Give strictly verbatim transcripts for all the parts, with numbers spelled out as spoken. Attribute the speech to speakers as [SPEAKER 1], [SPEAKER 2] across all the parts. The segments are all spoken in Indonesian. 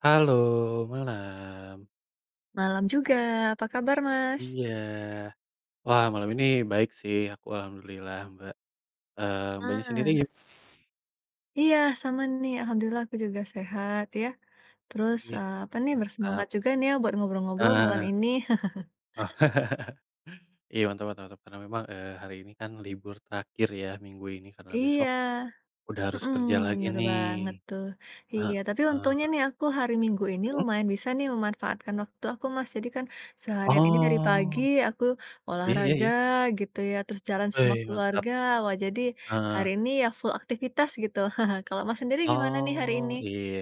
[SPEAKER 1] Halo. Malam.
[SPEAKER 2] Malam juga. Apa kabar, Mas?
[SPEAKER 1] Iya. Wah malam ini baik sih, aku alhamdulillah, Mbak. Eee, Mbaknya sendiri
[SPEAKER 2] Ah.
[SPEAKER 1] gim
[SPEAKER 2] Iya sama nih. Alhamdulillah aku juga sehat ya. Terus,
[SPEAKER 1] Wih,
[SPEAKER 2] eee, apa nih,
[SPEAKER 1] mantap.
[SPEAKER 2] bersemangat juga nih ya buat ngobrol-ngobrol
[SPEAKER 1] Heeh
[SPEAKER 2] malam
[SPEAKER 1] heeh.
[SPEAKER 2] ini.
[SPEAKER 1] Iya mantap mantap mantap. Karena memang, eee, hari ini kan libur terakhir ya, Minggu ini karena
[SPEAKER 2] Iya,
[SPEAKER 1] besok, udah harus
[SPEAKER 2] hmm,
[SPEAKER 1] kerja lagi
[SPEAKER 2] benar
[SPEAKER 1] nih.
[SPEAKER 2] banget tuh. Iya, tapi untungnya
[SPEAKER 1] Heeh.
[SPEAKER 2] nih aku hari Minggu ini
[SPEAKER 1] Hmm?
[SPEAKER 2] lumayan bisa nih memanfaatkan waktu aku, Mas. Jadi kan, seharian ini dari pagi
[SPEAKER 1] Oh.
[SPEAKER 2] aku
[SPEAKER 1] Iya ya
[SPEAKER 2] olahraga
[SPEAKER 1] ya.
[SPEAKER 2] gitu ya, terus jalan sama
[SPEAKER 1] Weh mantap.
[SPEAKER 2] keluarga. Wah jadi, hari
[SPEAKER 1] Heeh.
[SPEAKER 2] ini ya full aktivitas gitu. Kalau Mas sendiri gimana nih hari ini?
[SPEAKER 1] Oh. Iya,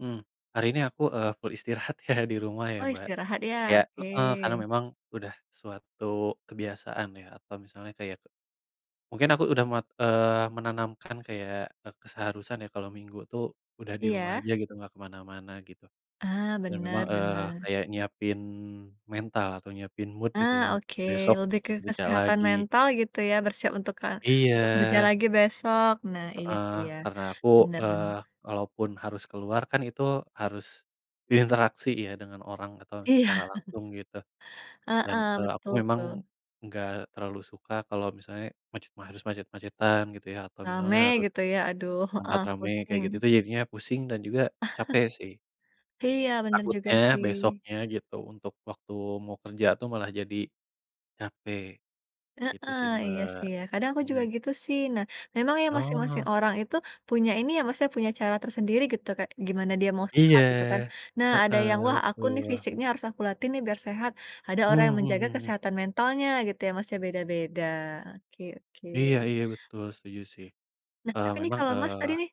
[SPEAKER 1] mmm, hari ini aku, eee, full istirahat ya, di rumah ya,
[SPEAKER 2] Oh
[SPEAKER 1] Mbak.
[SPEAKER 2] istirahat ya,
[SPEAKER 1] Iya,
[SPEAKER 2] oke.
[SPEAKER 1] heeh, karena memang udah suatu kebiasaan ya atau misalnya kayak mungkin aku udah muat eee, menanamkan kayak, e keseharusan ya kalau Minggu tuh, udah di rumah
[SPEAKER 2] Iya.
[SPEAKER 1] aja gitu, enggak kemana-mana gitu.
[SPEAKER 2] Ah,
[SPEAKER 1] Dan memang,
[SPEAKER 2] benar
[SPEAKER 1] eee,
[SPEAKER 2] benar.
[SPEAKER 1] kayak nyiapin mental atau nyiapin mood gitu
[SPEAKER 2] Ah
[SPEAKER 1] ya, untuk
[SPEAKER 2] oke,
[SPEAKER 1] besok
[SPEAKER 2] lebih ke
[SPEAKER 1] bekerja
[SPEAKER 2] kesehatan
[SPEAKER 1] lagi.
[SPEAKER 2] mental gitu ya, bersiap untuk ke untuk kerja
[SPEAKER 1] Iya.
[SPEAKER 2] lagi besok. Nah, iya
[SPEAKER 1] Heeh,
[SPEAKER 2] sih ya
[SPEAKER 1] karena aku,
[SPEAKER 2] benar benar.
[SPEAKER 1] eee, walaupun harus keluar kan itu harus, berinteraksi ya dengan orang atau
[SPEAKER 2] Iya.
[SPEAKER 1] secara langsung gitu. Dan,
[SPEAKER 2] Heeh,
[SPEAKER 1] eee, aku
[SPEAKER 2] betul itu.
[SPEAKER 1] memang enggak terlalu suka kalau misalnya macet macet-macetan gitu ya, atau
[SPEAKER 2] Rame
[SPEAKER 1] misalnya harus
[SPEAKER 2] gitu ya. Aduh,
[SPEAKER 1] tempat
[SPEAKER 2] heeh,
[SPEAKER 1] rame kayak
[SPEAKER 2] pusing.
[SPEAKER 1] gitu, jadinya pusing dan juga capek sih.
[SPEAKER 2] Iya benar juga
[SPEAKER 1] Takutnya
[SPEAKER 2] sih.
[SPEAKER 1] besoknya gitu, untuk waktu mau kerja tuh malah jadi capek. Gitu
[SPEAKER 2] Heeh.
[SPEAKER 1] sih,
[SPEAKER 2] Iya
[SPEAKER 1] Mbak.
[SPEAKER 2] sih ya, kadang aku juga
[SPEAKER 1] Hmm.
[SPEAKER 2] gitu sih. Nah, memang ya masing-masing
[SPEAKER 1] Oh.
[SPEAKER 2] orang itu, punya ini ya Mas ya, punya cara tersendiri gitu kayak gimana dia mau
[SPEAKER 1] Iya,
[SPEAKER 2] sehat gitu kan. Nah ada yang,
[SPEAKER 1] heeh,
[SPEAKER 2] "wah aku nih
[SPEAKER 1] betul.
[SPEAKER 2] fisiknya harus aku latih nih biar sehat". Ada orang yang
[SPEAKER 1] Mhm
[SPEAKER 2] menjaga
[SPEAKER 1] hmm hmm.
[SPEAKER 2] kesehatan mentalnya gitu ya Mas ya, beda-beda. Oke oke.
[SPEAKER 1] Iya iya betul, setuju sih.
[SPEAKER 2] Nah
[SPEAKER 1] Eee,
[SPEAKER 2] tapi nih
[SPEAKER 1] memang,
[SPEAKER 2] kalau Mas
[SPEAKER 1] eee
[SPEAKER 2] tadi nih,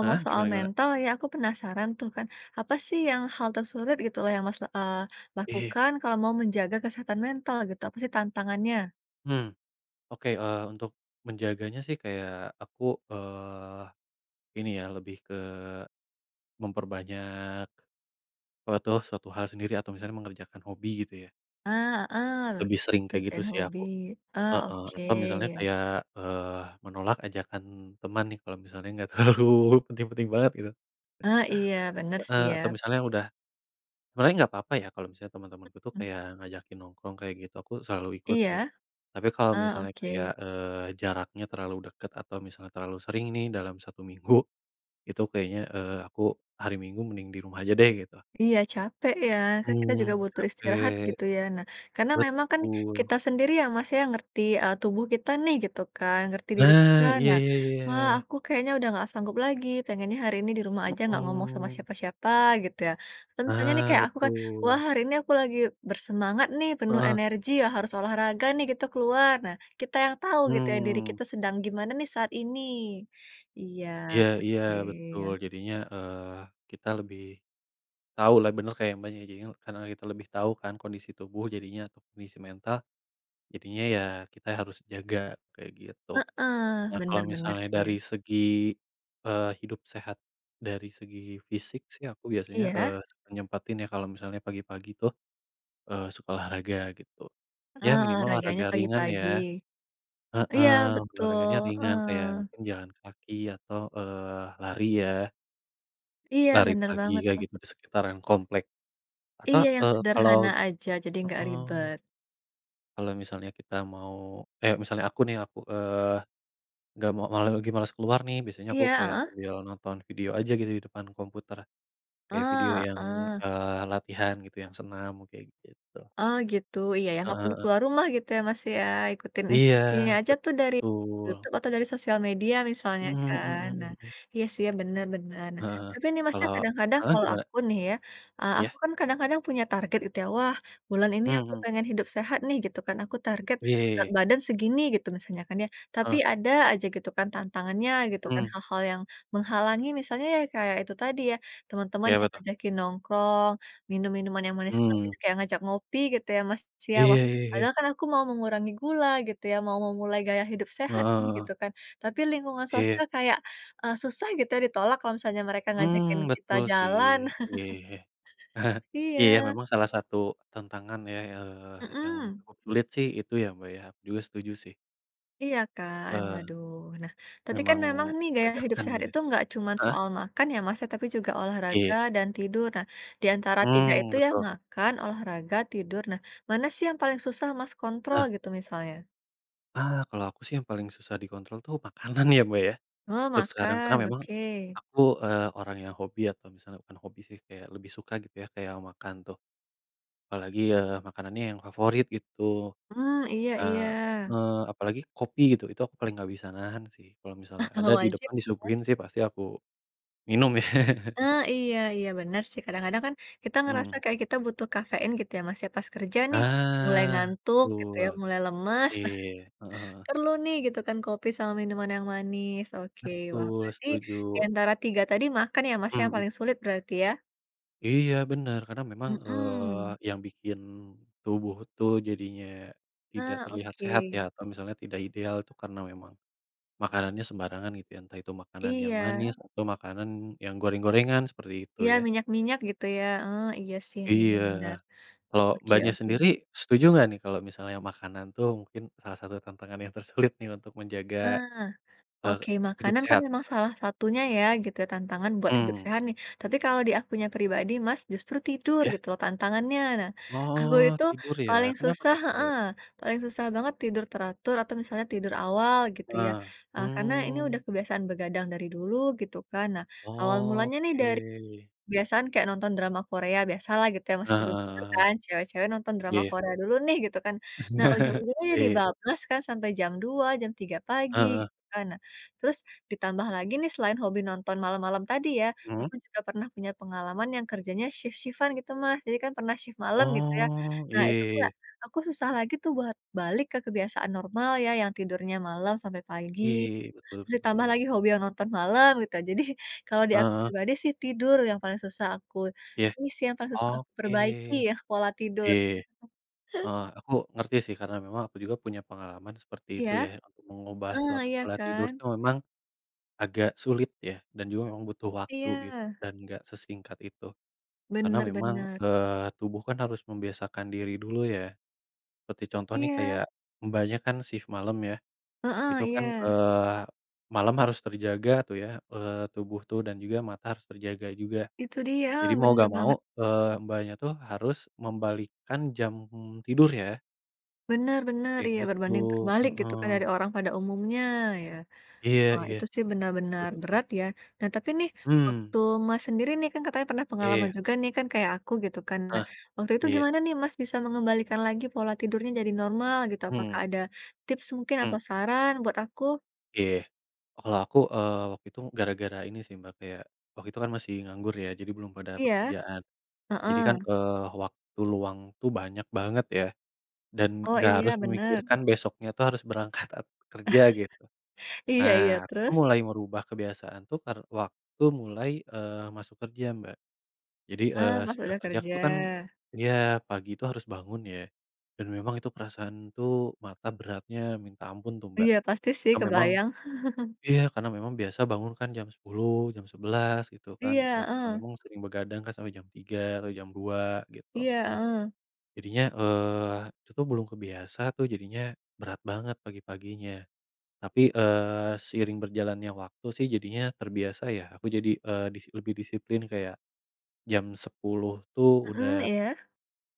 [SPEAKER 1] heeh,
[SPEAKER 2] soal
[SPEAKER 1] gimana gimana?
[SPEAKER 2] mental ya aku penasaran tuh kan, apa sih yang hal tersulit gitu loh yang Mas la eee,
[SPEAKER 1] Iya.
[SPEAKER 2] lakukan kalau mau menjaga kesehatan mental gitu, apa sih tantangannya?
[SPEAKER 1] Hmm. Oke, eee, untuk menjaganya sih kayak aku, eee, ini ya, lebih ke memperbanyak suatu suatu hal sendiri atau misalnya mengerjakan hobi gitu ya.
[SPEAKER 2] Eee, heeh,
[SPEAKER 1] Lebih sering kayak gitu
[SPEAKER 2] ngerjain
[SPEAKER 1] sih
[SPEAKER 2] hobi.
[SPEAKER 1] aku.
[SPEAKER 2] Ah,
[SPEAKER 1] Heeh, atau misalnya
[SPEAKER 2] oke.
[SPEAKER 1] kayak, eee, menolak ajakan teman nih, kalau misalnya enggak terlalu penting-penting banget gitu.
[SPEAKER 2] Ah, iya, bener sih
[SPEAKER 1] Heeh
[SPEAKER 2] ya.
[SPEAKER 1] atau misalnya udah sebenarnya enggak apa-apa ya, kalau misalnya temen-temanku itu
[SPEAKER 2] Mhm.
[SPEAKER 1] kayak ngajakin nongkrong kayak gitu, aku selalu ikut sih.
[SPEAKER 2] Iya.
[SPEAKER 1] Tapi kalau
[SPEAKER 2] Ah,
[SPEAKER 1] misalnya kayak,
[SPEAKER 2] oke.
[SPEAKER 1] eee, jaraknya terlalu deket atau misalnya terlalu sering nih, dalam satu minggu, itu kayaknya, eee, aku hari Minggu mending di rumah aja deh, gitu.
[SPEAKER 2] Iya, capek ya, kan kita juga
[SPEAKER 1] Hmm,
[SPEAKER 2] butuh istirahat
[SPEAKER 1] capek.
[SPEAKER 2] gitu ya. Nah, karena memang kan
[SPEAKER 1] Betul.
[SPEAKER 2] kita sendiri ya, Mas, ya, yang ngerti, eee, tubuh kita nih, gitu kan, ngerti diri kita.
[SPEAKER 1] Nah. Iya
[SPEAKER 2] Nah,
[SPEAKER 1] iya
[SPEAKER 2] "Wah
[SPEAKER 1] iya.
[SPEAKER 2] aku kayaknya udah nggak sanggup lagi, pengennya hari ini di rumah aja nggak ngomong sama
[SPEAKER 1] Mhm.
[SPEAKER 2] siapa-siapa," gitu ya, atau misalnya nih
[SPEAKER 1] Nah,
[SPEAKER 2] kayak aku kan, "Wah
[SPEAKER 1] betul.
[SPEAKER 2] hari ini aku lagi bersemangat nih penuh
[SPEAKER 1] Heeh.
[SPEAKER 2] energi ya, harus olahraga nih gitu, keluar." Nah, kita yang tahu gitu ya, diri
[SPEAKER 1] Hmm.
[SPEAKER 2] kita sedang gimana nih saat ini. Iya,
[SPEAKER 1] Iya iya,
[SPEAKER 2] oke.
[SPEAKER 1] betul. Jadinya, eee, kita lebih tahu lah, bener kayak Mbaknya, jadinya karena kita lebih tahu kan kondisi tubuh, jadinya kondisi mental jadinya, ya kita harus jaga, kayak gitu.
[SPEAKER 2] Heeh,
[SPEAKER 1] Nah, kalau
[SPEAKER 2] bener bener
[SPEAKER 1] misalnya
[SPEAKER 2] sih ya.
[SPEAKER 1] dari segi, eee, hidup sehat, dari segi fisik sih aku biasanya,
[SPEAKER 2] Iya.
[SPEAKER 1] eee, suka nyempatin ya, kalau misalnya pagi-pagi tuh, eee, suka olahraga gitu, ya
[SPEAKER 2] Ah,
[SPEAKER 1] minimal
[SPEAKER 2] olahraganya
[SPEAKER 1] olahraga ringan ya.
[SPEAKER 2] pagi-pagi. Iya
[SPEAKER 1] Heeh,
[SPEAKER 2] betul,
[SPEAKER 1] olahraganya ringan kayak
[SPEAKER 2] heeh.
[SPEAKER 1] mungkin jalan kaki atau, eee, lari ya.
[SPEAKER 2] Iya,
[SPEAKER 1] Lari
[SPEAKER 2] benar
[SPEAKER 1] pagi
[SPEAKER 2] banget
[SPEAKER 1] kayak
[SPEAKER 2] tuh.
[SPEAKER 1] gitu di sekitaran komplek. Atau,
[SPEAKER 2] Iya yang
[SPEAKER 1] eee, kalau
[SPEAKER 2] sederhana aja, jadi nggak
[SPEAKER 1] heeh.
[SPEAKER 2] ribet.
[SPEAKER 1] Kalo misalnya kita mau, eh misalnya aku nih aku, eee, nggak mau malah lagi males keluar nih biasanya aku
[SPEAKER 2] Iya,
[SPEAKER 1] kaya
[SPEAKER 2] heeh?
[SPEAKER 1] sambil nonton video aja gitu di depan komputer, kayak video
[SPEAKER 2] Eee,
[SPEAKER 1] yang,
[SPEAKER 2] heeh.
[SPEAKER 1] eee, latihan gitu yang senam kayak gitu.
[SPEAKER 2] Oh gitu. Iya ya,
[SPEAKER 1] Heeh
[SPEAKER 2] nggak perlu
[SPEAKER 1] heeh.
[SPEAKER 2] keluar rumah gitu ya Mas ya, ikutin
[SPEAKER 1] Iya,
[SPEAKER 2] instruksinya aja tuh dari
[SPEAKER 1] betul.
[SPEAKER 2] Youtube atau dari sosial media misalnya
[SPEAKER 1] Mhm,
[SPEAKER 2] kan.
[SPEAKER 1] hmm
[SPEAKER 2] Nah,
[SPEAKER 1] hmm.
[SPEAKER 2] iya sih ya benar benar. Nah,
[SPEAKER 1] Heeh heeh.
[SPEAKER 2] tapi nih
[SPEAKER 1] Kalo
[SPEAKER 2] Masnya kadang-kadang
[SPEAKER 1] heeh,
[SPEAKER 2] kalau
[SPEAKER 1] gimana?
[SPEAKER 2] aku nih ya, eee,
[SPEAKER 1] Iya.
[SPEAKER 2] aku kan kadang-kadang punya target itu ya, "wah bulan ini aku
[SPEAKER 1] Mhm.
[SPEAKER 2] pengen hidup sehat nih" gitu kan. Aku target, berat
[SPEAKER 1] Iye.
[SPEAKER 2] badan segini, gitu misalnya kan ya. Tapi
[SPEAKER 1] Heeh.
[SPEAKER 2] ada aja gitu kan tantangannya gitu kan,
[SPEAKER 1] Hmm.
[SPEAKER 2] hal-hal yang menghalangi misalnya ya kayak itu tadi ya, teman-teman
[SPEAKER 1] Ya apa
[SPEAKER 2] yang
[SPEAKER 1] tuh?
[SPEAKER 2] ngajakin nongkrong, minum-minuman yang
[SPEAKER 1] Hmm.
[SPEAKER 2] manis-manis kayak ngajak ngopi gitu ya Mas ya.
[SPEAKER 1] Iya,
[SPEAKER 2] Wah,
[SPEAKER 1] ya ya.
[SPEAKER 2] padahal kan aku mau mengurangi gula gitu ya, mau memulai gaya hidup
[SPEAKER 1] Heeh
[SPEAKER 2] sehat nih
[SPEAKER 1] heeh.
[SPEAKER 2] gitu kan. Tapi lingkungan
[SPEAKER 1] Iya.
[SPEAKER 2] sosial kayak, e susah gitu ya ditolak kalau misalnya mereka ngajakin
[SPEAKER 1] Mmm.
[SPEAKER 2] kita
[SPEAKER 1] Betul sih.
[SPEAKER 2] jalan.
[SPEAKER 1] Iya ya ya ya. Iya ya,
[SPEAKER 2] Iya.
[SPEAKER 1] memang salah satu tantangan ya, eee, yang
[SPEAKER 2] Mhm.
[SPEAKER 1] cukup sulit sih itu ya Mbak ya, aku juga setuju sih.
[SPEAKER 2] Iya kan,
[SPEAKER 1] Eee.
[SPEAKER 2] waduh. Nah, tapi kan
[SPEAKER 1] Memang
[SPEAKER 2] memang nih gaya hidup
[SPEAKER 1] bajakan
[SPEAKER 2] sehat
[SPEAKER 1] gitu.
[SPEAKER 2] itu nggak cuman
[SPEAKER 1] Heeh.
[SPEAKER 2] soal makan ya, Mas, ya, tapi juga olahraga
[SPEAKER 1] Iya.
[SPEAKER 2] dan tidur. Nah, di antara tiga
[SPEAKER 1] Mmm,
[SPEAKER 2] itu ya,
[SPEAKER 1] betul.
[SPEAKER 2] makan, olahraga, tidur. Nah, mana sih yang paling susah Mas, kontrol
[SPEAKER 1] Heeh.
[SPEAKER 2] gitu, misalnya?
[SPEAKER 1] Ah, kalau aku sih yang paling susah dikontrol itu makanan ya, Mbak, ya,
[SPEAKER 2] Oh,
[SPEAKER 1] untuk sekarang. Karena
[SPEAKER 2] makan,
[SPEAKER 1] memang
[SPEAKER 2] oke.
[SPEAKER 1] aku, eee, orang yang hobi atau misalnya bukan hobi sih, kayak lebih suka gitu ya, kayak makan tuh. Apalagi, ya makanannya yang favorit gitu.
[SPEAKER 2] Hmm, iya
[SPEAKER 1] Nah
[SPEAKER 2] iya.
[SPEAKER 1] heeh, apalagi kopi gitu. Itu aku paling nggak bisa nahan sih, kalau
[SPEAKER 2] Nah,
[SPEAKER 1] misalnya ada
[SPEAKER 2] kalau
[SPEAKER 1] di
[SPEAKER 2] wajib
[SPEAKER 1] depan,
[SPEAKER 2] gitu kan
[SPEAKER 1] disuguhin sih pasti aku minum ya.
[SPEAKER 2] Ah, iya iya bener sih, kadang-kadang kan, kita ngerasa
[SPEAKER 1] Mhm.
[SPEAKER 2] kayak kita butuh kafein gitu ya, Mas, ya, pas kerja nih, mulai
[SPEAKER 1] Nah,
[SPEAKER 2] ngantuk gitu
[SPEAKER 1] betul.
[SPEAKER 2] ya, mulai lemes.
[SPEAKER 1] Iya, heeh heeh.
[SPEAKER 2] Perlu nih gitu kan, kopi sama minuman yang manis. Oke, wah,
[SPEAKER 1] Betul,
[SPEAKER 2] berarti
[SPEAKER 1] setuju.
[SPEAKER 2] di antara tiga tadi makan ya, Mas, yang
[SPEAKER 1] Mhm.
[SPEAKER 2] paling sulit berarti ya?
[SPEAKER 1] Iya bener. Karena memang, eee,
[SPEAKER 2] Mhm.
[SPEAKER 1] yang bikin tubuh tuh, jadinya tidak
[SPEAKER 2] Nah,
[SPEAKER 1] terlihat sehat ya,
[SPEAKER 2] oke.
[SPEAKER 1] atau misalnya tidak ideal, itu karena memang makanannya sembarangan gitu ya. Entah itu makanan yang
[SPEAKER 2] Iya.
[SPEAKER 1] manis atau makanan yang goreng-gorengan seperti itu
[SPEAKER 2] Iya,
[SPEAKER 1] ya.
[SPEAKER 2] minyak-minyak gitu ya? Oh iya sih, mungkin
[SPEAKER 1] Iya.
[SPEAKER 2] bener.
[SPEAKER 1] Kalau
[SPEAKER 2] Oke
[SPEAKER 1] Mbaknya
[SPEAKER 2] oke.
[SPEAKER 1] sendiri, setuju nggak nih kalau misalnya makanan tuh mungkin, eee, salah satu tantangan yang tersulit nih, untuk menjaga,
[SPEAKER 2] Ah,
[SPEAKER 1] eee,
[SPEAKER 2] oke,
[SPEAKER 1] hidup
[SPEAKER 2] makanan kan
[SPEAKER 1] sehat
[SPEAKER 2] memang
[SPEAKER 1] Mbak?
[SPEAKER 2] salah satunya ya, gitu ya, tantangan buat hidup
[SPEAKER 1] Mhm.
[SPEAKER 2] sehat nih. Tapi kalau di akunya pribadi Mas, justru tidur
[SPEAKER 1] Iya.
[SPEAKER 2] gitu loh tantangannya. Nah, aku
[SPEAKER 1] Oh,
[SPEAKER 2] itu
[SPEAKER 1] tidur ya.
[SPEAKER 2] paling
[SPEAKER 1] Kenapa
[SPEAKER 2] susah
[SPEAKER 1] tuh kira-kira?
[SPEAKER 2] heeh, paling susah banget tidur teratur atau misalnya tidur awal gitu ya.
[SPEAKER 1] Nah,
[SPEAKER 2] Eee, karena ini sudah
[SPEAKER 1] mmm.
[SPEAKER 2] kebiasaan begadang dari dulu gitu kan. Nah, awal mulanya nih,
[SPEAKER 1] Oke.
[SPEAKER 2] dari kebiasaan kayak nonton drama Korea, biasalah gitu ya, Mas,
[SPEAKER 1] Heeh
[SPEAKER 2] sebelum
[SPEAKER 1] heeh
[SPEAKER 2] tidur
[SPEAKER 1] heeh heeh,
[SPEAKER 2] kan cewek-cewek nonton
[SPEAKER 1] iya
[SPEAKER 2] drama
[SPEAKER 1] ya.
[SPEAKER 2] Korea dulu nih, gitu kan. Nah ujung-ujungnya jadi
[SPEAKER 1] Iya.
[SPEAKER 2] bablas kan sampai jam dua, jam tiga pagi
[SPEAKER 1] Heeh.
[SPEAKER 2] gitu kan. Nah, terus ditambah lagi nih, selain hobi nonton malam-malam tadi ya,
[SPEAKER 1] Mhm.
[SPEAKER 2] aku juga pernah punya pengalaman yang kerjanya shift-shift-an gitu Mas. Jadi kan pernah shift malam gitu ya.
[SPEAKER 1] Oh,
[SPEAKER 2] Nah
[SPEAKER 1] iya
[SPEAKER 2] itu
[SPEAKER 1] iya iya.
[SPEAKER 2] kayak, aku susah lagi tuh buat balik ke kebiasaan normal ya, yang tidurnya malam sampai pagi,
[SPEAKER 1] Iya iya iya, betul
[SPEAKER 2] terus
[SPEAKER 1] betul
[SPEAKER 2] ditambah
[SPEAKER 1] tuh.
[SPEAKER 2] lagi hobi yang nonton malam gitu ya. Jadi kalau di aku
[SPEAKER 1] Heeh.
[SPEAKER 2] pribadi sih tidur yang paling susah aku
[SPEAKER 1] Iya.
[SPEAKER 2] ini sih, yang paling susah aku
[SPEAKER 1] Oke,
[SPEAKER 2] perbaiki ya, pola tidur.
[SPEAKER 1] iya iya, heeh. Aku ngerti sih karena memang aku juga punya pengalaman seperti itu
[SPEAKER 2] Iya,
[SPEAKER 1] ya, untuk mengubah
[SPEAKER 2] heeh,
[SPEAKER 1] suatu
[SPEAKER 2] iya
[SPEAKER 1] pola tidur
[SPEAKER 2] kan?
[SPEAKER 1] itu memang agak sulit ya, dan juga memang butuh waktu gitu,
[SPEAKER 2] Iya.
[SPEAKER 1] dan enggak sesingkat itu. Karena
[SPEAKER 2] Bener
[SPEAKER 1] memang,
[SPEAKER 2] bener.
[SPEAKER 1] eee, tubuh kan harus membiasakan diri dulu ya. Seperti contoh nih,
[SPEAKER 2] Iya.
[SPEAKER 1] kayak Mbaknya, kan shift malem ya,
[SPEAKER 2] Heeh,
[SPEAKER 1] itu kan,
[SPEAKER 2] iya.
[SPEAKER 1] eee, malam harus terjaga tuh ya, eee, tubuh tuh dan juga mata harus terjaga juga.
[SPEAKER 2] Itu dia,
[SPEAKER 1] Jadi
[SPEAKER 2] heeh,
[SPEAKER 1] mau
[SPEAKER 2] bener
[SPEAKER 1] nggak mau,
[SPEAKER 2] banget.
[SPEAKER 1] eee, Mbaknya tuh, harus membalikkan jam tidur ya?
[SPEAKER 2] Benar benar,
[SPEAKER 1] Kayak
[SPEAKER 2] iya
[SPEAKER 1] gitu,
[SPEAKER 2] berbanding terbalik gitu kan
[SPEAKER 1] heeh.
[SPEAKER 2] dari orang pada umumnya, ya.
[SPEAKER 1] Iya
[SPEAKER 2] Wah
[SPEAKER 1] iya.
[SPEAKER 2] itu sih benar-benar
[SPEAKER 1] [unintelligible]
[SPEAKER 2] berat ya. Nah tapi nih,
[SPEAKER 1] Mmm.
[SPEAKER 2] waktu Mas sendiri nih kan katanya pernah pengalaman
[SPEAKER 1] Iya.
[SPEAKER 2] juga nih kan kayak aku gitu kan. Nah,
[SPEAKER 1] Ah
[SPEAKER 2] waktu itu
[SPEAKER 1] iya.
[SPEAKER 2] gimana nih Mas bisa mengembalikan lagi pola tidurnya jadi normal gitu. Apakah
[SPEAKER 1] Hmm.
[SPEAKER 2] ada tips mungkin atau
[SPEAKER 1] Mmm.
[SPEAKER 2] saran buat aku?
[SPEAKER 1] Eh, kalau aku, eee, waktu itu gara-gara ini sih Mbak kayak, waktu itu kan masih nganggur ya, jadi belum ada
[SPEAKER 2] Iya.
[SPEAKER 1] pekerjaan. Jadi kan,
[SPEAKER 2] Heeh.
[SPEAKER 1] eee, waktu luang tuh banyak banget ya, dan
[SPEAKER 2] Oh
[SPEAKER 1] nggak harus
[SPEAKER 2] iya, benar.
[SPEAKER 1] memikirkan besoknya tuh harus berangkat kerja gitu.
[SPEAKER 2] Iya
[SPEAKER 1] Nah,
[SPEAKER 2] iya,
[SPEAKER 1] aku tuh
[SPEAKER 2] terus?
[SPEAKER 1] mulai merubah kebiasaan tuh per waktu mulai, eee, masuk kerja Mbak. Jadi,
[SPEAKER 2] Ah
[SPEAKER 1] eee,
[SPEAKER 2] pas
[SPEAKER 1] sudah
[SPEAKER 2] udah
[SPEAKER 1] kerja
[SPEAKER 2] kerja.
[SPEAKER 1] tuh kan iya, pagi itu harus bangun ya. Dan memang itu perasaan tuh mata beratnya minta ampun tuh Mbak.
[SPEAKER 2] Iya pasti sih,
[SPEAKER 1] Karena memang
[SPEAKER 2] kebayang.
[SPEAKER 1] iya, karena memang biasa bangun kan jam sepuluh jam sebelas gitu kan.
[SPEAKER 2] Iya,
[SPEAKER 1] E karena
[SPEAKER 2] heeh.
[SPEAKER 1] memang sering begadang kan sampai jam tiga atau jam dua gitu.
[SPEAKER 2] Iya, heeh.
[SPEAKER 1] Jadinya, eee, aku tuh belum kebiasa tuh jadinya, berat banget pagi-paginya. Tapi, eee, seiring berjalannya waktu sih jadinya terbiasa ya, aku jadi eee, disi lebih disiplin kayak, jam sepuluh tuh udah
[SPEAKER 2] Mhm, iya.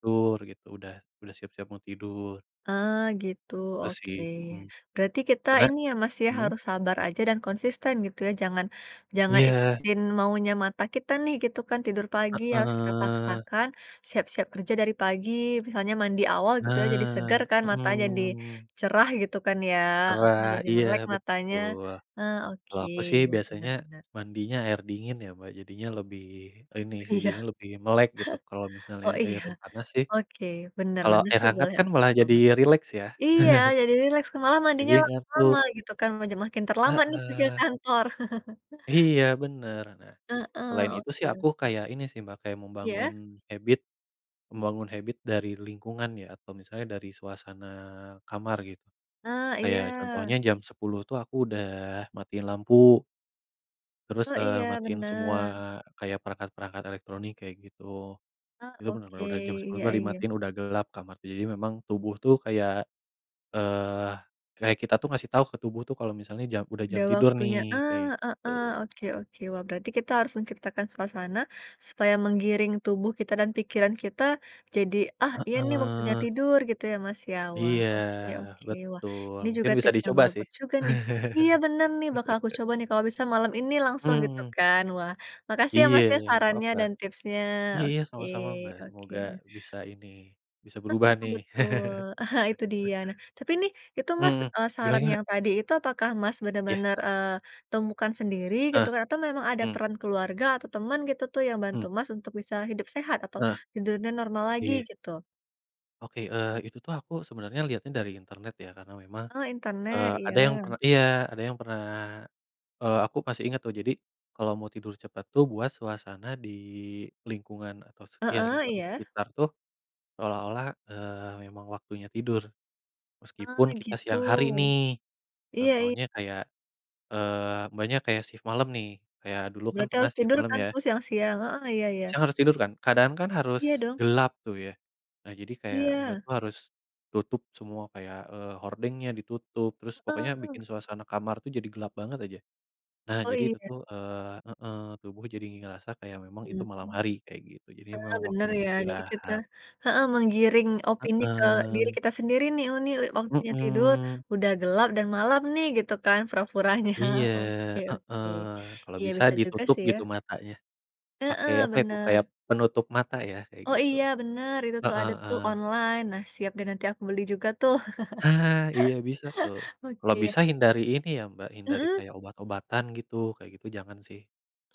[SPEAKER 1] dur gitu, udah, udah siap-siap mau tidur.
[SPEAKER 2] Ah, gitu,
[SPEAKER 1] Tuh sih,
[SPEAKER 2] oke.
[SPEAKER 1] hmm.
[SPEAKER 2] Berarti kita
[SPEAKER 1] Karena
[SPEAKER 2] ini ya Mas ya,
[SPEAKER 1] mmm?
[SPEAKER 2] harus sabar aja dan konsisten gitu ya, jangan jangan
[SPEAKER 1] Iya.
[SPEAKER 2] ikutin maunya mata kita nih gitu kan, tidur
[SPEAKER 1] Ah
[SPEAKER 2] pagi harus kita
[SPEAKER 1] heeh.
[SPEAKER 2] paksakan, siap-siap kerja dari pagi, misalnya mandi awal gitu ya, jadi seger
[SPEAKER 1] Nah,
[SPEAKER 2] kan matanya jadi,
[SPEAKER 1] hmm.
[SPEAKER 2] cerah gitu kan ya,
[SPEAKER 1] Gerah,
[SPEAKER 2] e jadi
[SPEAKER 1] iya,
[SPEAKER 2] melek matanya.
[SPEAKER 1] betul.
[SPEAKER 2] Ah
[SPEAKER 1] Kalau
[SPEAKER 2] oke,
[SPEAKER 1] aku sih
[SPEAKER 2] ya benar
[SPEAKER 1] biasanya,
[SPEAKER 2] benar.
[SPEAKER 1] mandinya air dingin ya Mbak jadinya lebih ini sih,
[SPEAKER 2] Iya.
[SPEAKER 1] jadinya lebih melek gitu. Kalau misalnya
[SPEAKER 2] Oh iya,
[SPEAKER 1] air panas sih,
[SPEAKER 2] oke, benar benar
[SPEAKER 1] air
[SPEAKER 2] sih
[SPEAKER 1] hangat
[SPEAKER 2] boleh
[SPEAKER 1] kan
[SPEAKER 2] aku
[SPEAKER 1] malah jadi
[SPEAKER 2] coba.
[SPEAKER 1] rileks ya.
[SPEAKER 2] Iya, jadi rileks ke malah
[SPEAKER 1] Jadi
[SPEAKER 2] mandinya lama
[SPEAKER 1] ngantuk.
[SPEAKER 2] lama gitu kan, maj makin terlambat nih pergi ke
[SPEAKER 1] Heeh.
[SPEAKER 2] kantor.
[SPEAKER 1] Iya benar, nah,
[SPEAKER 2] Heeh,
[SPEAKER 1] selain itu sih
[SPEAKER 2] oke
[SPEAKER 1] aku
[SPEAKER 2] oke.
[SPEAKER 1] kayak ini sih Mbak, kayak membangun
[SPEAKER 2] Iya?
[SPEAKER 1] habit, membangun habit dari lingkungan ya atau misalnya dari suasana kamar gitu.
[SPEAKER 2] Ah
[SPEAKER 1] Kayak
[SPEAKER 2] iya.
[SPEAKER 1] contohnya jam sepuluh tuh aku udah matiin lampu. Terus,
[SPEAKER 2] Oh,
[SPEAKER 1] eee,
[SPEAKER 2] iya,
[SPEAKER 1] matiin semua
[SPEAKER 2] bener.
[SPEAKER 1] kayak perangkat-perangkat elektronik, kayak gitu.
[SPEAKER 2] Ah,
[SPEAKER 1] Itu bener-bener
[SPEAKER 2] oke.
[SPEAKER 1] udah jam sepuluh
[SPEAKER 2] Iya
[SPEAKER 1] tuh dah
[SPEAKER 2] iya.
[SPEAKER 1] dimatiin, udah gelap kamar, tuh. Jadi memang, tubuh tuh kayak, eee, kayak kita tuh, ngasih tahu ke tubuh tuh, kalau misalnya jam udah jam
[SPEAKER 2] Udah
[SPEAKER 1] tidur
[SPEAKER 2] waktunya,
[SPEAKER 1] nih, kayak
[SPEAKER 2] ah, heeh.
[SPEAKER 1] gitu.
[SPEAKER 2] Oke oke. Wah, berarti kita harus menciptakan suasana, supaya menggiring tubuh kita dan pikiran kita, jadi, "Ah, iya nih, waktunya
[SPEAKER 1] Heeh.
[SPEAKER 2] tidur," gitu ya, Mas, ya? Wah,
[SPEAKER 1] Iya,
[SPEAKER 2] oke oke. Wah,
[SPEAKER 1] betul.
[SPEAKER 2] ini
[SPEAKER 1] Mungkin
[SPEAKER 2] juga
[SPEAKER 1] bisa
[SPEAKER 2] tips yang
[SPEAKER 1] dicoba, sih.
[SPEAKER 2] bagus juga, nih. Iya, bener nih, bakal aku coba, nih. Kalau bisa malam ini langsung, gitu
[SPEAKER 1] Hmm.
[SPEAKER 2] kan. Wah, makasih ya,
[SPEAKER 1] Iya,
[SPEAKER 2] Mas, ya,
[SPEAKER 1] nggak
[SPEAKER 2] sarannya
[SPEAKER 1] papa.
[SPEAKER 2] dan tipsnya.
[SPEAKER 1] Iya, ya,
[SPEAKER 2] Oke,
[SPEAKER 1] sama-sama, Mbak.
[SPEAKER 2] oke,
[SPEAKER 1] Semoga
[SPEAKER 2] nah.
[SPEAKER 1] bisa ini, bisa
[SPEAKER 2] Heeh,
[SPEAKER 1] berubah, nih.
[SPEAKER 2] betul, itu dia. Nah, tapi nih, itu Mas,
[SPEAKER 1] Mhm,
[SPEAKER 2] eee,
[SPEAKER 1] gimana
[SPEAKER 2] saran
[SPEAKER 1] gimana?
[SPEAKER 2] yang tadi itu, apakah Mas
[SPEAKER 1] Iya.
[SPEAKER 2] bener-bener, eee, temukan sendiri,
[SPEAKER 1] Heeh,
[SPEAKER 2] gitukah? Atau memang ada
[SPEAKER 1] mmm.
[SPEAKER 2] peran keluarga atau temen, gitu tuh, yang
[SPEAKER 1] Hmm.
[SPEAKER 2] bantu Mas untuk bisa hidup sehat atau
[SPEAKER 1] Heeh.
[SPEAKER 2] tidurnya normal lagi,
[SPEAKER 1] Iya.
[SPEAKER 2] gitu?
[SPEAKER 1] Oke. Eee, itu tuh, aku sebenernya liatnya dari internet, ya. Karena memang,
[SPEAKER 2] Oh, internet.
[SPEAKER 1] eee,
[SPEAKER 2] Iya.
[SPEAKER 1] ada yang perna iya, ada yang pernah eee, aku masih inget, tuh. Jadi, kalau mau tidur cepat tuh, buat suasana di lingkungan atau s yah,
[SPEAKER 2] Heeh,
[SPEAKER 1] lingkungan di
[SPEAKER 2] iya.
[SPEAKER 1] sekitar tuh, seolah-olah, eee, memang waktunya tidur.
[SPEAKER 2] Ah,
[SPEAKER 1] Meskipun kita
[SPEAKER 2] gitu.
[SPEAKER 1] siang hari, nih.
[SPEAKER 2] Iya i
[SPEAKER 1] Contohnya kayak, eee, Mbaknya kayak sif malam, nih. Kayak, dulu kan
[SPEAKER 2] Berarti
[SPEAKER 1] pernah
[SPEAKER 2] harus
[SPEAKER 1] sif
[SPEAKER 2] tidur
[SPEAKER 1] malam,
[SPEAKER 2] kan
[SPEAKER 1] ya.
[SPEAKER 2] tuh, siang-siang. Heeh, iya iya.
[SPEAKER 1] Siang harus tidur, kan. Keadaan kan
[SPEAKER 2] Iya,
[SPEAKER 1] harus
[SPEAKER 2] dong.
[SPEAKER 1] gelap tuh, ya. Nah, jadi kayak Mbak
[SPEAKER 2] Iya.
[SPEAKER 1] tuh harus tutup semua, kayak, eee, hordengnya ditutup, terus pokoknya,
[SPEAKER 2] Heeh.
[SPEAKER 1] bikin suasana kamar tuh, jadi gelap banget, aja. Nah,
[SPEAKER 2] Oh,
[SPEAKER 1] jadi itu
[SPEAKER 2] iya.
[SPEAKER 1] tuh, eee heeh, tubuh jadi ngerasa kayak memang itu
[SPEAKER 2] Iya,
[SPEAKER 1] malam
[SPEAKER 2] mmm.
[SPEAKER 1] hari, kayak gitu. Jadi
[SPEAKER 2] Heeh,
[SPEAKER 1] memang
[SPEAKER 2] bener
[SPEAKER 1] waktunya
[SPEAKER 2] ya, jadi kita
[SPEAKER 1] istirahat.
[SPEAKER 2] heeh, menggiring opini ke diri
[SPEAKER 1] Heeh.
[SPEAKER 2] kita sendiri, nih. "Oh, nih waktunya tidur,
[SPEAKER 1] Mhm.
[SPEAKER 2] udah gelap dan malam, nih," gitu kan, pura-puranya.
[SPEAKER 1] Iya,
[SPEAKER 2] Oke oke.
[SPEAKER 1] heeh. Kalau
[SPEAKER 2] Iya,
[SPEAKER 1] bisa
[SPEAKER 2] bisa juga
[SPEAKER 1] ditutup,
[SPEAKER 2] sih,
[SPEAKER 1] gitu,
[SPEAKER 2] ya.
[SPEAKER 1] matanya. Pakai,
[SPEAKER 2] Heeh,
[SPEAKER 1] apa itu, kayak
[SPEAKER 2] bener.
[SPEAKER 1] penutup mata ya, kayak
[SPEAKER 2] Oh
[SPEAKER 1] gitu.
[SPEAKER 2] iya, bener. Itu tuh,
[SPEAKER 1] Heeh
[SPEAKER 2] ada tuh,
[SPEAKER 1] heeh.
[SPEAKER 2] online. Nah, siap deh, nanti aku beli juga, tuh.
[SPEAKER 1] Ha, iya bisa, tuh. Kalau
[SPEAKER 2] Oke.
[SPEAKER 1] bisa hindari ini ya, Mbak, hindari
[SPEAKER 2] Mmm?
[SPEAKER 1] kayak obat-obatan, gitu. Kayak gitu jangan, sih.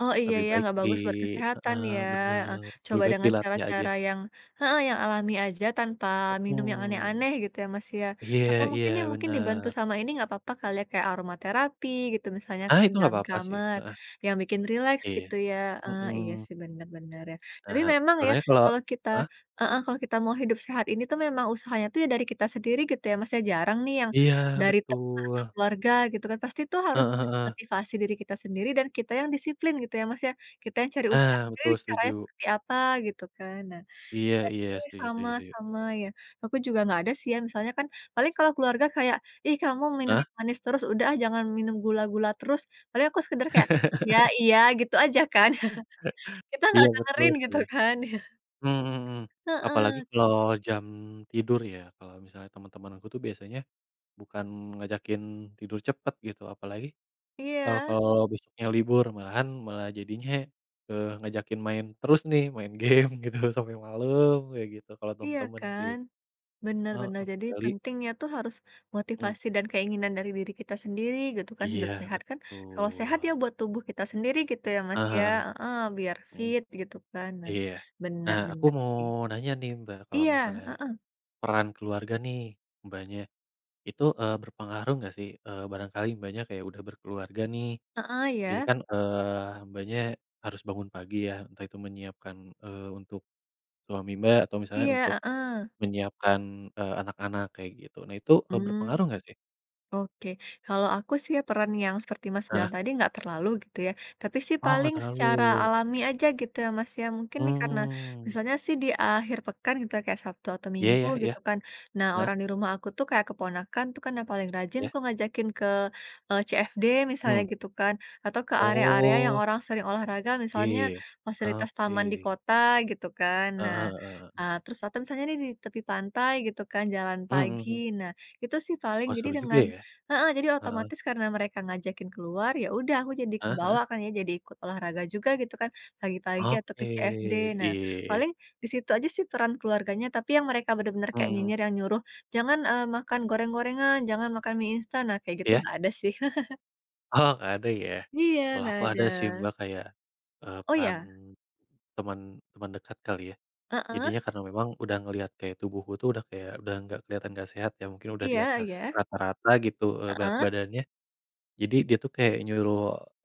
[SPEAKER 2] Oh, iya,
[SPEAKER 1] Lebih
[SPEAKER 2] ya,
[SPEAKER 1] baik
[SPEAKER 2] nggak
[SPEAKER 1] di
[SPEAKER 2] bagus buat kesehatan
[SPEAKER 1] heeh,
[SPEAKER 2] ya, heeh.
[SPEAKER 1] bener. Lebih
[SPEAKER 2] Coba
[SPEAKER 1] baik
[SPEAKER 2] dengan
[SPEAKER 1] dilatih aja.
[SPEAKER 2] cara-cara yang heeh, yang alami aja tanpa minum yang
[SPEAKER 1] Mhm.
[SPEAKER 2] aneh-aneh, gitu ya, Mas, ya?
[SPEAKER 1] Iya
[SPEAKER 2] Atau
[SPEAKER 1] iya,
[SPEAKER 2] mungkin, ya, mungkin, dibantu
[SPEAKER 1] bener.
[SPEAKER 2] sama ini nggak papa, kali ya, kayak aromaterapi, gitu misalnya
[SPEAKER 1] Ah,
[SPEAKER 2] kan,
[SPEAKER 1] itu nggak
[SPEAKER 2] dalam
[SPEAKER 1] apa-apa, sih.
[SPEAKER 2] kamar.
[SPEAKER 1] Heeh.
[SPEAKER 2] Yang bikin rileks,
[SPEAKER 1] Iya.
[SPEAKER 2] gitu ya, heeh. Iya
[SPEAKER 1] Mhm.
[SPEAKER 2] sih, bener bener, ya.
[SPEAKER 1] Ah
[SPEAKER 2] Tapi
[SPEAKER 1] hah.
[SPEAKER 2] memang ya,
[SPEAKER 1] Sebenernya kalau
[SPEAKER 2] kalau kita
[SPEAKER 1] heeh?
[SPEAKER 2] heeh, kalau kita mau hidup sehat ini tuh, memang usahanya itu, ya dari kita sendiri, gitu ya, Mas, ya. Jarang nih, yang
[SPEAKER 1] Iya,
[SPEAKER 2] dari teman atau
[SPEAKER 1] betul.
[SPEAKER 2] keluarga, gitu kan. Pasti tuh harus
[SPEAKER 1] Heeh heeh.
[SPEAKER 2] motivasi diri kita sendiri dan kita yang disiplin, gitu ya, Mas, ya. Kita yang cari usaha
[SPEAKER 1] Ah,
[SPEAKER 2] sendiri,
[SPEAKER 1] betul,
[SPEAKER 2] caranya
[SPEAKER 1] setuju.
[SPEAKER 2] seperti apa, gitu kan. Nah,
[SPEAKER 1] Iya iya.
[SPEAKER 2] [unintelligible]
[SPEAKER 1] Setuju
[SPEAKER 2] sama
[SPEAKER 1] setuju setuju.
[SPEAKER 2] sama ya. Aku juga nggak ada sih, ya. Misalnya kan, paling kalau keluarga kayak, "Ih, kamu minum
[SPEAKER 1] Hah?
[SPEAKER 2] yang manis terus. Udah ah, jangan minum gula-gula terus," paling aku sekedar kayak, "Iya iya," gitu aja, kan. Kita
[SPEAKER 1] Iya,
[SPEAKER 2] nggak
[SPEAKER 1] betul,
[SPEAKER 2] dengerin, gitu
[SPEAKER 1] sih.
[SPEAKER 2] kan. Iya.
[SPEAKER 1] Mhm mhm mhm.
[SPEAKER 2] Heeh.
[SPEAKER 1] Apalagi kalau jam tidur, ya. Kalau misalnya temen-temen aku tuh, biasanya, bukan ngajakin tidur cepet, gitu. Apalagi, eee,
[SPEAKER 2] Iya.
[SPEAKER 1] kalau besoknya libur. Malahan, malah jadinya, eee, ngajakin main terus, nih. Main game, gitu, sampe malem, kayak gitu, kalau
[SPEAKER 2] Iya,
[SPEAKER 1] temen-temen, sih.
[SPEAKER 2] kan? Bener
[SPEAKER 1] Heeh,
[SPEAKER 2] bener. Jadi
[SPEAKER 1] kecuali
[SPEAKER 2] pentingnya tuh, harus
[SPEAKER 1] Mmm.
[SPEAKER 2] motivasi dan keinginan dari diri kita sendiri, gitu kan, hidup
[SPEAKER 1] Iya,
[SPEAKER 2] sehat. Kan, kalau sehat, ya
[SPEAKER 1] betul.
[SPEAKER 2] buat tubuh kita sendiri, gitu ya, Mas,
[SPEAKER 1] Heeh
[SPEAKER 2] ya?
[SPEAKER 1] heeh.
[SPEAKER 2] Heeh, biar
[SPEAKER 1] Mmm.
[SPEAKER 2] fit, gitu kan. Nah,
[SPEAKER 1] Iya.
[SPEAKER 2] bener
[SPEAKER 1] Nah, aku
[SPEAKER 2] bener,
[SPEAKER 1] mau
[SPEAKER 2] sih.
[SPEAKER 1] nanya nih, Mbak. Kalau
[SPEAKER 2] Iya,
[SPEAKER 1] misalnya
[SPEAKER 2] heeh.
[SPEAKER 1] peran keluarga nih, Mbaknya. Itu, eee, berpengaruh nggak sih? Eee, barangkali Mbaknya kayak udah berkeluarga, nih.
[SPEAKER 2] Heeh,
[SPEAKER 1] Jadi
[SPEAKER 2] ya.
[SPEAKER 1] kan, eee, Mbaknya harus bangun pagi ya, entah itu menyiapkan, eee, untuk suami Mbak, atau misalnya
[SPEAKER 2] Iya,
[SPEAKER 1] untuk
[SPEAKER 2] heeh.
[SPEAKER 1] menyiapkan, eee, anak-anak, kayak gitu. Nah itu, eee,
[SPEAKER 2] Mmm.
[SPEAKER 1] berpengaruh nggak, sih?
[SPEAKER 2] Oke. Kalau aku sih, ya, peran yang seperti Mas bilang
[SPEAKER 1] Heeh.
[SPEAKER 2] tadi nggak terlalu, gitu ya. Tapi sih,
[SPEAKER 1] Oh, nggak
[SPEAKER 2] paling secara
[SPEAKER 1] terlalu.
[SPEAKER 2] alami aja, gitu ya, Mas, ya. Mungkin nih, karena
[SPEAKER 1] Mmm.
[SPEAKER 2] misalnya sih, di akhir pekan, gitu ya, kayak Sabtu atau
[SPEAKER 1] Iya
[SPEAKER 2] Minggu,
[SPEAKER 1] iya, ya?
[SPEAKER 2] gitu kan. Nah,
[SPEAKER 1] Heeh?
[SPEAKER 2] orang di rumah aku tuh, kayak keponakan itu kan, yang paling rajin,
[SPEAKER 1] Iya.
[SPEAKER 2] tuh, ngajakin ke, eee, CFD, misalnya
[SPEAKER 1] Hmm.
[SPEAKER 2] gitu kan. Atau ke area-area yang
[SPEAKER 1] Oh.
[SPEAKER 2] orang sering olahraga,
[SPEAKER 1] Iya,
[SPEAKER 2] misalnya
[SPEAKER 1] ya.
[SPEAKER 2] fasilitas taman di
[SPEAKER 1] Oke.
[SPEAKER 2] kota, gitu kan.
[SPEAKER 1] Heeh
[SPEAKER 2] Nah,
[SPEAKER 1] heeh heeh.
[SPEAKER 2] eee, terus atau misalnya nih, di tepi pantai gitu kan, jalan
[SPEAKER 1] Mhm,
[SPEAKER 2] pagi.
[SPEAKER 1] hmm.
[SPEAKER 2] Nah, itu sih, paling.
[SPEAKER 1] Wah,
[SPEAKER 2] Jadi
[SPEAKER 1] seru juga,
[SPEAKER 2] dengan
[SPEAKER 1] ya.
[SPEAKER 2] heeh, jadi
[SPEAKER 1] Heeh.
[SPEAKER 2] otomatis, karena mereka ngajakin keluar, ya udah, aku jadi
[SPEAKER 1] Heeh heeh.
[SPEAKER 2] kebawa, kan ya, jadi ikut olahraga juga, gitu kan, pagi-pagi atau
[SPEAKER 1] Oke.
[SPEAKER 2] ke CFD. Nah,
[SPEAKER 1] Iya.
[SPEAKER 2] paling di situ aja sih, peran keluarganya. Tapi yang mereka benar-benar kayak
[SPEAKER 1] Mmm, hmm.
[SPEAKER 2] nyinyir yang nyuruh, "Jangan, eee, makan goreng-gorengan, jangan makan mi instan," nah, kayak gitu
[SPEAKER 1] Iya.
[SPEAKER 2] nggak ada, sih.
[SPEAKER 1] Oh, nggak ada, ya.
[SPEAKER 2] Iya,
[SPEAKER 1] Kalau
[SPEAKER 2] nggak
[SPEAKER 1] aku
[SPEAKER 2] ada.
[SPEAKER 1] ada sih, Mbak, kayak, eee,
[SPEAKER 2] Oh,
[SPEAKER 1] peran
[SPEAKER 2] ya?
[SPEAKER 1] teman teman dekat, kali ya.
[SPEAKER 2] Heeh.
[SPEAKER 1] Jadinya karena memang udah ngelihat kayak tubuhku tuh, udah kayak, udah nggak kelihatan nggak sehat ya, mungkin udah di
[SPEAKER 2] Iya
[SPEAKER 1] atas
[SPEAKER 2] iya.
[SPEAKER 1] rata-rata, gitu, eee, berat
[SPEAKER 2] Heeh.
[SPEAKER 1] badannya. Jadi, dia tuh kayak nyuruh,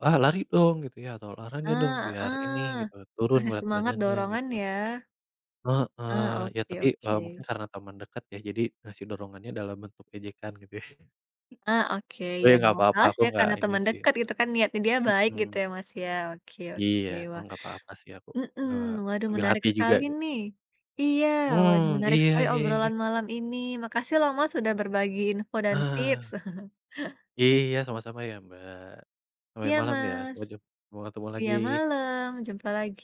[SPEAKER 1] "Ah, lari dong!" Gitu ya, atau, "Olahraga dong,
[SPEAKER 2] Ah,
[SPEAKER 1] biar ini,"
[SPEAKER 2] heeh.
[SPEAKER 1] gitu, "turun
[SPEAKER 2] Kasih
[SPEAKER 1] berat
[SPEAKER 2] semangat,
[SPEAKER 1] badannya,"
[SPEAKER 2] dorongan,
[SPEAKER 1] gitu.
[SPEAKER 2] ya. Ah,
[SPEAKER 1] Heeh. Ya
[SPEAKER 2] oke
[SPEAKER 1] tapi, eee, mungkin
[SPEAKER 2] oke.
[SPEAKER 1] karena teman dekat, ya. Jadi, ngasih dorongannya dalam bentuk ejekan, gitu ya.
[SPEAKER 2] Ah, oke.
[SPEAKER 1] Oh,
[SPEAKER 2] Ya
[SPEAKER 1] ya nggak
[SPEAKER 2] nggak
[SPEAKER 1] apa-apa,
[SPEAKER 2] masalah
[SPEAKER 1] aku
[SPEAKER 2] sih, ya,
[SPEAKER 1] nggak
[SPEAKER 2] karena
[SPEAKER 1] ini,
[SPEAKER 2] teman
[SPEAKER 1] sih.
[SPEAKER 2] dekat, gitu kan. Niatnya dia baik, gitu ya,
[SPEAKER 1] Mhm.
[SPEAKER 2] Mas, ya? Oke
[SPEAKER 1] Iya.
[SPEAKER 2] oke,
[SPEAKER 1] Emang
[SPEAKER 2] wah.
[SPEAKER 1] nggak apa-apa, sih. Aku
[SPEAKER 2] Mhm.
[SPEAKER 1] nggak
[SPEAKER 2] Waduh,
[SPEAKER 1] ambil
[SPEAKER 2] menarik
[SPEAKER 1] hati juga,
[SPEAKER 2] sekali,
[SPEAKER 1] gi
[SPEAKER 2] nih. Iya, waduh
[SPEAKER 1] Mmm.
[SPEAKER 2] menarik
[SPEAKER 1] Iya,
[SPEAKER 2] sekali
[SPEAKER 1] ya ya ya.
[SPEAKER 2] obrolan malam ini. Makasih lo, Mas, sudah berbagi info dan tips.
[SPEAKER 1] Ah. Iya, sama-sama ya, Mbak. Sampai
[SPEAKER 2] Iya,
[SPEAKER 1] malam ya,
[SPEAKER 2] Mas.
[SPEAKER 1] sampai jump sampai ketemu
[SPEAKER 2] Iya,
[SPEAKER 1] lagi.
[SPEAKER 2] malam, jumpa lagi.